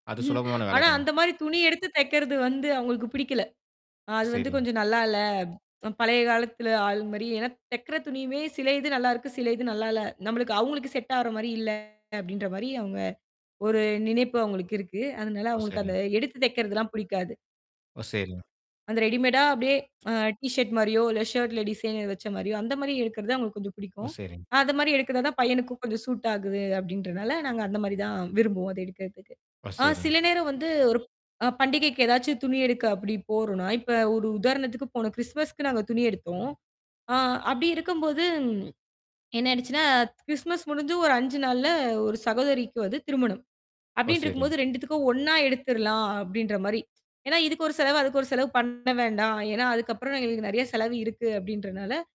அது சுலபமான வேல ஆனா, தானே. அந்த மாரி துணி எடுத்து தைக்கறது வந்து அவங்களுக்கு புடிக்கல. அது வந்து சரிங்க. கொஞ்சம் நல்லால்ல. அ பழைய காலத்துல ஆள் மாரி ஏன்னா, தைக்கிற துணியுமே சில இது நல்லாருக்கு. சில இது நல்லால்ல. நம்மளுக்கு அவங்களுக்கு செட் ஆகிற மாரி இல்ல அப்படின்ற மாரி அவுங்க ஒரு நினைப்பு அவுங்களுக்கு இருக்கு. அதனால ஓ! அவுங்களுக்கு அந்த சரிங்க. எடுத்து தைக்கறதுலாம் புடிக்காது. ஓ! செரிங்க. அந்த ரெடிமேடா அப்டியே அ டீ ஷர்ட் மாரியோ, இல்ல, ஷர்ட்ல டிசைனர் வச்ச மாரியோ, அந்த மாரி எடுக்கிறதுதான் அவுங்களுக்கு கொஞ்சம் ஓ! பிடிக்கும். சரிங்க. அந்த மாரி எடுக்கிறதான் பையனுக்கும் கொஞ்சம் சூட் ஆகுது. அப்டின்றதனால நாங்க அந்த மாரி தான் விரும்புவோம். அதை எடுக்கிறதுக்கு. ஓ. அ சரிங்க சில நேரம் வந்து ஒரு ப் அ பண்டிகைக்கு ஏதாச்சு துணி எடுக்க அப்படி போறோம்ன்னா, இப்போ ஒரு உதாரணத்துக்கு போன கிறிஸ்துமஸ்க்கு நாங்க துணி எடுத்தோம். அ அப்படி இருக்கும்போது என்ன ஆயிடுச்சுன்னா, கிறிஸ்துமஸ் முடிஞ்சு ஒரு 5 நாள்ல ஒரு சகோதரிக்கு வந்து திருமணம், ஓ! அப்படின்னு இருக்கும் சரிங்க போது 2துக்கும் ஒண்ணா எடுத்துறலாம், அப்படின்ற மாரி. ஏன்னா இதுக்கு ஒரு செலவு அதுக்கு ஒரு செலவு பண்ண வேண்டாம். ஏன்னா, அதுக்கப்புறம் எங்களுக்கு நிறைய செலவு இருக்கு அப்படின்றனால